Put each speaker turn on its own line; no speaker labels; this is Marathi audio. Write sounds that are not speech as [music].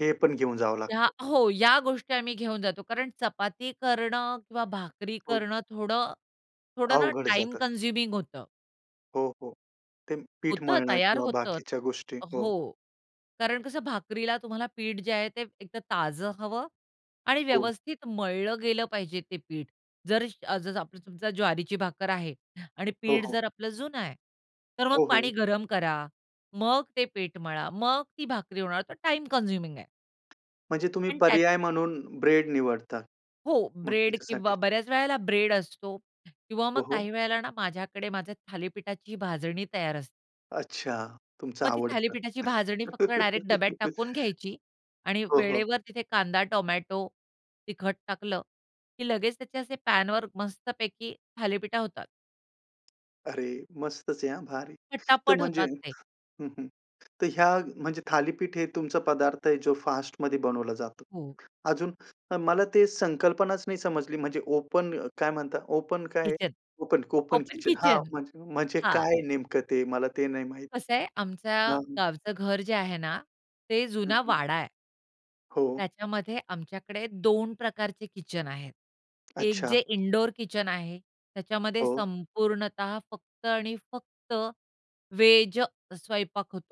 हे पण घेऊन जावं
या
लागतं.
हो, या गोष्टी आम्ही घेऊन जातो कारण चपाती करणं किंवा भाकरी
हं.
करणं थोडं थोडं ना
अवघड
टाईम
जातं.
कन्झ्युमिंग होतं.
हो, हो, ते पीठ
होतं
मळणं
तयार
किंवा
होतं.
बाकीच्या गोष्टी. हो.
हो, कारण कसं भाकरीला तुम्हाला पीठ जे आहे ते एकतर ताजं हवं आणि
हो.
व्यवस्थित मळलं गेलं पाहिजे ते पीठ. जर तुमची समजा ज्वारीची भाकर आहे आणि
हो,
पीठ
हो.
जर आपलं जुनं आहे, तर मग
ओ
पाणी
हो.
गरम करा, मग ते पीठ मळा, मग ती भाकरी होणार. तर टाईम कन्झ्युमिंग आहे.
म्हणजे तुम्ही
पण त्यात
पर्याय म्हणून ब्रेड निवडता
हो,
मग
ब्रेड
त्याच्यासाठी.
किंवा बऱ्याच वेळेला ब्रेड असतो किंवा
हो,
मग
हो.
काही वेळेला ना माझ्याकडे माझ्या थालीपीठाची भाजणी तयार असते.
अच्छा, तुमचं
मग ती
आवडतं.
थालीपीठाची भाजणी फक्त डायरेक्ट डब्यात टाकून घ्यायची
[laughs]
आणि
हो, हो.
वेळेवर तिथे कांदा, टोमॅटो, तिखट टाकलं, की लगेच त्याचे असे पॅनवर मस्तपैकी थालीपीठं होतात.
अरे, मस्तच आहे. हं, भारी. तर
पटापट
म्हणजे,
होतात ते.
हं, हं, तर ह्या म्हणजे थालीपीठ हे तुमचा पदार्थ आहे जो फास्टमध्ये बनवला जातो.
हो.
अजून अ, मला ते संकल्पनाच नाही समजली, म्हणजे ओपन काय म्हणता, ओपन काय?
Kitchen,
open, open
open
kitchen, हां,
किचन.
म्हणजे म्हणजे
हां.
काय नेमकं ते मला ते नाही माहीत.
कसं आहे आमचं
हां. हं.
गावचं घर जे आहे ना, ते
हं,
जुना
हं.
वाडा आहे.
हो.
त्याच्यामध्ये आमच्याकडे 2 प्रकारचे किचन आहेत. 1
अच्छा.
जे इनडोअर किचन आहे. त्याच्यामध्ये
हो.
संपूर्णतः फक्त आणि फक्त व्हेज स्वयंपाक होतो.